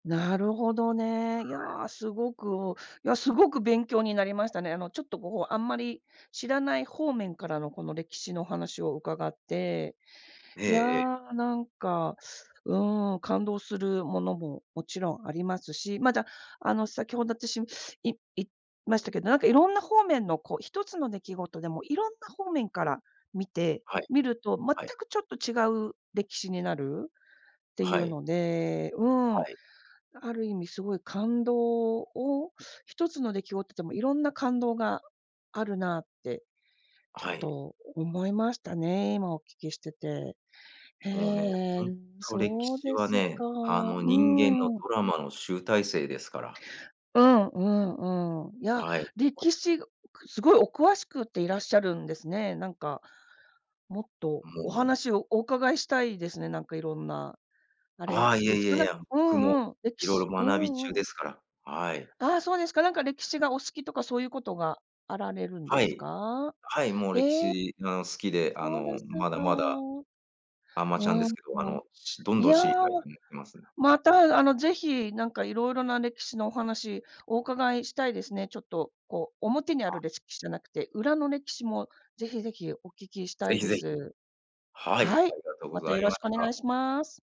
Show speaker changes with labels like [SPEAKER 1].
[SPEAKER 1] なるほどね。い
[SPEAKER 2] はい。
[SPEAKER 1] や、すごくいや、すごく勉強になりましたね。あの、ちょっと、こう、あんまり知らない方面からの、この歴史のお話を伺って、
[SPEAKER 2] え
[SPEAKER 1] いや、
[SPEAKER 2] えええ。
[SPEAKER 1] なんか、うーん。感動するものも、もちろんありますし、まだ、あの、先ほど私言いいましたけど、なんか、色んな方面の、こう、1つの出来事でも色んな方面から見て
[SPEAKER 2] はい。
[SPEAKER 1] みると、全
[SPEAKER 2] はい。
[SPEAKER 1] くちょっと違う歴史になるっ
[SPEAKER 2] あ、
[SPEAKER 1] てい
[SPEAKER 2] は
[SPEAKER 1] う
[SPEAKER 2] い。
[SPEAKER 1] ので、うー
[SPEAKER 2] は
[SPEAKER 1] ん。
[SPEAKER 2] い。
[SPEAKER 1] ある意味すごい感動を、1つの出来事っても、色んな感動があるなって、ちょ
[SPEAKER 2] は
[SPEAKER 1] っ
[SPEAKER 2] い。
[SPEAKER 1] と思いましたね、今お聞きしてて。へ
[SPEAKER 2] もうね、ほ
[SPEAKER 1] え、
[SPEAKER 2] んと、歴
[SPEAKER 1] そう
[SPEAKER 2] 史
[SPEAKER 1] で
[SPEAKER 2] は
[SPEAKER 1] すか。
[SPEAKER 2] ね、あ
[SPEAKER 1] う
[SPEAKER 2] の、人間の
[SPEAKER 1] ーん。
[SPEAKER 2] ドラマの集大成ですから。
[SPEAKER 1] うんうんうん。いや、
[SPEAKER 2] はい。こ
[SPEAKER 1] 歴史、すごいお詳しくていらっしゃるんですね。なんか、もっと、
[SPEAKER 2] も
[SPEAKER 1] お
[SPEAKER 2] う
[SPEAKER 1] 話をお伺いしたいですね、なんか、色んな、あ
[SPEAKER 2] あ
[SPEAKER 1] れ
[SPEAKER 2] あ、いや
[SPEAKER 1] で
[SPEAKER 2] い
[SPEAKER 1] すか？
[SPEAKER 2] やい
[SPEAKER 1] なんか
[SPEAKER 2] や、
[SPEAKER 1] う
[SPEAKER 2] 僕も、
[SPEAKER 1] んうん、歴
[SPEAKER 2] 色
[SPEAKER 1] 史
[SPEAKER 2] 々
[SPEAKER 1] う
[SPEAKER 2] 学び中
[SPEAKER 1] んう
[SPEAKER 2] で
[SPEAKER 1] ん。
[SPEAKER 2] すから、はい。
[SPEAKER 1] ああ、そうですか、なんか、歴史がお好きとかそういうことがあられるん
[SPEAKER 2] は
[SPEAKER 1] です
[SPEAKER 2] い。
[SPEAKER 1] か？
[SPEAKER 2] はい。もう歴
[SPEAKER 1] ええ。
[SPEAKER 2] 史が好きで、あ
[SPEAKER 1] そうで
[SPEAKER 2] の、
[SPEAKER 1] す
[SPEAKER 2] まだ
[SPEAKER 1] か。
[SPEAKER 2] まだ、
[SPEAKER 1] う
[SPEAKER 2] あまちゃんで
[SPEAKER 1] ー
[SPEAKER 2] す
[SPEAKER 1] ん。
[SPEAKER 2] けど、あの、しどん
[SPEAKER 1] い
[SPEAKER 2] どん
[SPEAKER 1] や、
[SPEAKER 2] 知りたいと思ってます。
[SPEAKER 1] また、あの、是非なんか色々な歴史のお話お伺いしたいですね。ちょっと、こう、表にある
[SPEAKER 2] あ。
[SPEAKER 1] 歴史じゃなくて、裏の歴史も、是非是非お聞きし
[SPEAKER 2] 是
[SPEAKER 1] た
[SPEAKER 2] 非
[SPEAKER 1] い
[SPEAKER 2] 是
[SPEAKER 1] で
[SPEAKER 2] 非。
[SPEAKER 1] す。
[SPEAKER 2] はい。
[SPEAKER 1] はい。
[SPEAKER 2] ありがとうご
[SPEAKER 1] また
[SPEAKER 2] ざ
[SPEAKER 1] よ
[SPEAKER 2] い
[SPEAKER 1] ろ
[SPEAKER 2] ま
[SPEAKER 1] しくお
[SPEAKER 2] し
[SPEAKER 1] 願
[SPEAKER 2] た。
[SPEAKER 1] いします。